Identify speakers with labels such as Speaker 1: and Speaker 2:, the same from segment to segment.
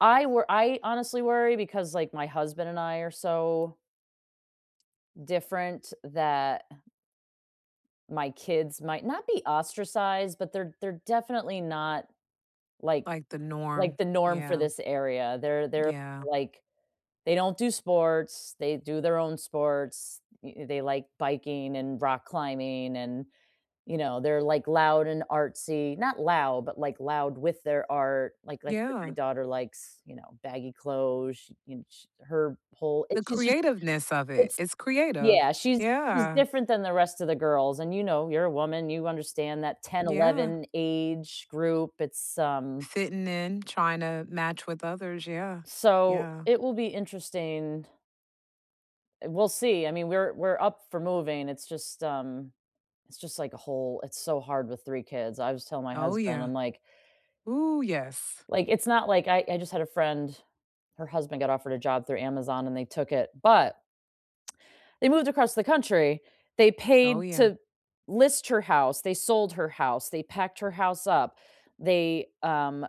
Speaker 1: I wor I honestly worry because, like, my husband and I are so different that my kids might not be ostracized, but they're they're definitely not, like
Speaker 2: Like the
Speaker 1: like
Speaker 2: norm.
Speaker 1: the norm for
Speaker 2: Yeah.
Speaker 1: this area. They're they're,
Speaker 2: Yeah.
Speaker 1: like they don't do sports. They do their own sports. E eh, they like biking and rock climbing and, you know, they're, like, loud and artsy. Not loud, but, like, loud with their art. Like like my
Speaker 2: Yeah.
Speaker 1: daughter likes, you know, baggy clothes. Sh and sh her pull
Speaker 2: The
Speaker 1: it's she's just
Speaker 2: creativeness of it;
Speaker 1: it's
Speaker 2: it's creative.
Speaker 1: Yeah, she's she's
Speaker 2: Yeah.
Speaker 1: different than the rest of the girls and you know, you're a woman you understand that 10,
Speaker 2: Yeah.
Speaker 1: 11 age group. It's, um
Speaker 2: Fitting in, trying to match with others. Yeah,
Speaker 1: So,
Speaker 2: yeah.
Speaker 1: it will be interesting. We'll see. I mean, we're we're up for moving. It's just, um it's just like a whole it's so hard with 3 kids. I was telling my
Speaker 2: Oh,
Speaker 1: husband.
Speaker 2: yeah.
Speaker 1: I'm, like
Speaker 2: Ooh, yes.
Speaker 1: Like, it's not, like I I just had a friend, her husband got offered a job through Amazon and they took it, but they moved across the country. They
Speaker 2: Oh,
Speaker 1: paid
Speaker 2: yeah.
Speaker 1: to list her house. They sold her house. They packed her house up. They, um,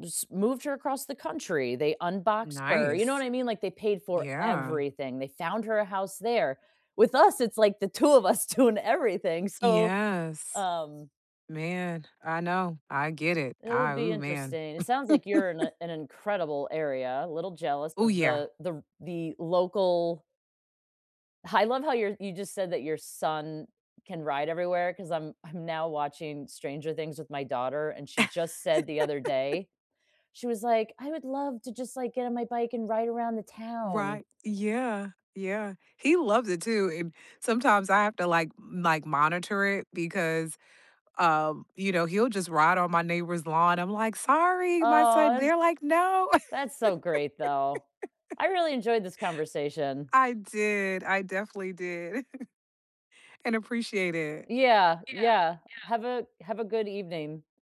Speaker 1: just moved her across the country. They unboxed her. You know what
Speaker 2: Nice.
Speaker 1: I mean, like, they paid for
Speaker 2: Yeah.
Speaker 1: everything. They found her a house there. With us, it's like the 2 of us doing everything. So,
Speaker 2: Yes.
Speaker 1: um
Speaker 2: Man, I know. I get it.
Speaker 1: it'll
Speaker 2: I
Speaker 1: be
Speaker 2: ooh, man.
Speaker 1: interesting. It sounds like you're in a an incredible area. A little jealous
Speaker 2: Ooh,
Speaker 1: of
Speaker 2: yeah.
Speaker 1: the the the local I love how you're you just said that your son can ride everywhere, because I'm I'm now watching Stranger Things with my daughter, and she just said the other day, she was like, "I would love to just, like, get on my bike and ride around the town."
Speaker 2: Right. Yeah, yeah. He loves it too and, sometimes I have to, like like, monitor it because, um, you know, he'll just ride on my neighbor's lawn. I'm like, "Sorry, my
Speaker 1: Aw,
Speaker 2: son"
Speaker 1: that's
Speaker 2: They're like, "No."
Speaker 1: that's so great, though. I really enjoyed this conversation.
Speaker 2: I did. I definitely did, and appreciate it.
Speaker 1: Yeah, yeah. Have a have a good evening.